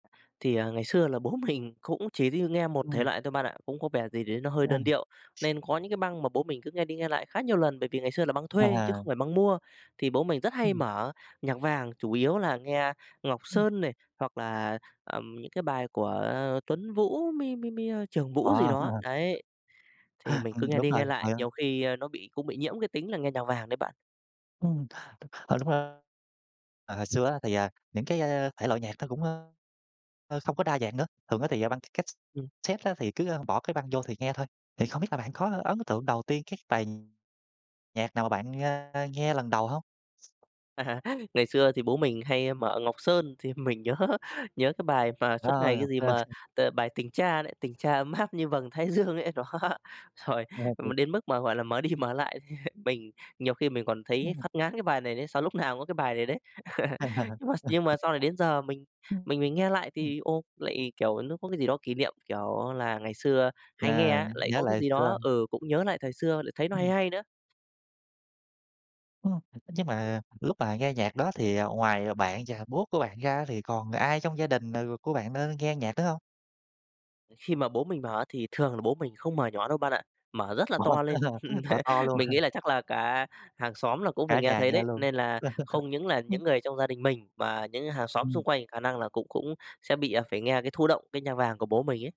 Thì, à, ngày xưa là bố mình cũng chỉ đi nghe một thể Ừm. loại thôi bạn ạ, cũng có vẻ gì đấy nó hơi đơn điệu. [unintelligible] Nên có những cái băng mà bố mình cứ nghe đi nghe lại khá nhiều lần bởi vì ngày xưa là băng thuê chứ À. không phải băng mua. Thì bố mình rất hay Ừm. mở nhạc vàng, chủ yếu là nghe Ngọc Ừm. Sơn này, hoặc là, ờm, những cái bài của Tuấn Vũ, mi mi mi, ơ, Trường Vũ gì À, đó, hà. đấy. Thì mình cứ Ừm, nghe đúng đi rồi, nghe lại rồi nhiều khi, a, nó bị cũng bị nhiễm cái tính là nghe nhạc vàng đấy bạn. Ừm. Ờ, Đúng r ờ, hồi xưa á thì, à, những cái, a, thể loại nhạc nó cũng, ơ, ơ, không có đa dạng nữa. Thường á thì, à, băng c Ừm. cát-xét á thì cứ bỏ cái băng vô thì nghe thôi. Thì không biết là bạn có ấn tượng đầu tiên các bài nhạc nào mà bạn, a, nghe lần đầu hông? À, ngày xưa thì bố mình hay mở Ngọc Sơn thì mình nhớ nhớ cái bài mà suốt Ờ, ngày cái Ngọc gì Sơn. mà, ờ, bài "Tình Cha" đấy, tình cha ấm áp như vầng thái dương ấy, đó. Rồi, m [unintelligible] đến mức mà, gọi là, mở đi mở lại mình nhiều khi mình còn thấy Ừm. phát ngán cái bài này đấy, sao lúc nào cũng có cái bài này đấy. Nhưng mà nhưng mà sau này đến giờ mình mình mình nghe lại ừm. thì, ô, lại, kiểu, nó có cái gì đó kỷ niệm, kiểu, là ngày xưa hay nghe Chà, nh á, lại nhớ có lại cái hồi gì đó, xưa. ừ, cũng nhớ lại thời xưa lại thấy nó hay Ừm. hay nữa. Ồ. Nhưng mà lúc mà nghe nhạc đó thì, à, ngoài, à, bạn và bố của bạn ra thì còn ai trong gia đình, ờ, của bạn, ơ, nghe nhạc nữa hông? Khi mà bố mình mở thì thường là bố mình không mở nhỏ đâu bạn ạ, mở rất [unintelligible] là to lên. Mở to luôn Mình nghĩ hả? là chắc là cả hàng xóm là cũng phải Cả nghe nhà thấy nghe đấy, luôn. nên là không những là những người trong gia đình mình mà những hàng xóm Ừm. xung quanh khả năng là cũng cũng sẽ bị, à, phải nghe cái thụ động cái nhạc vàng của bố mình ấy.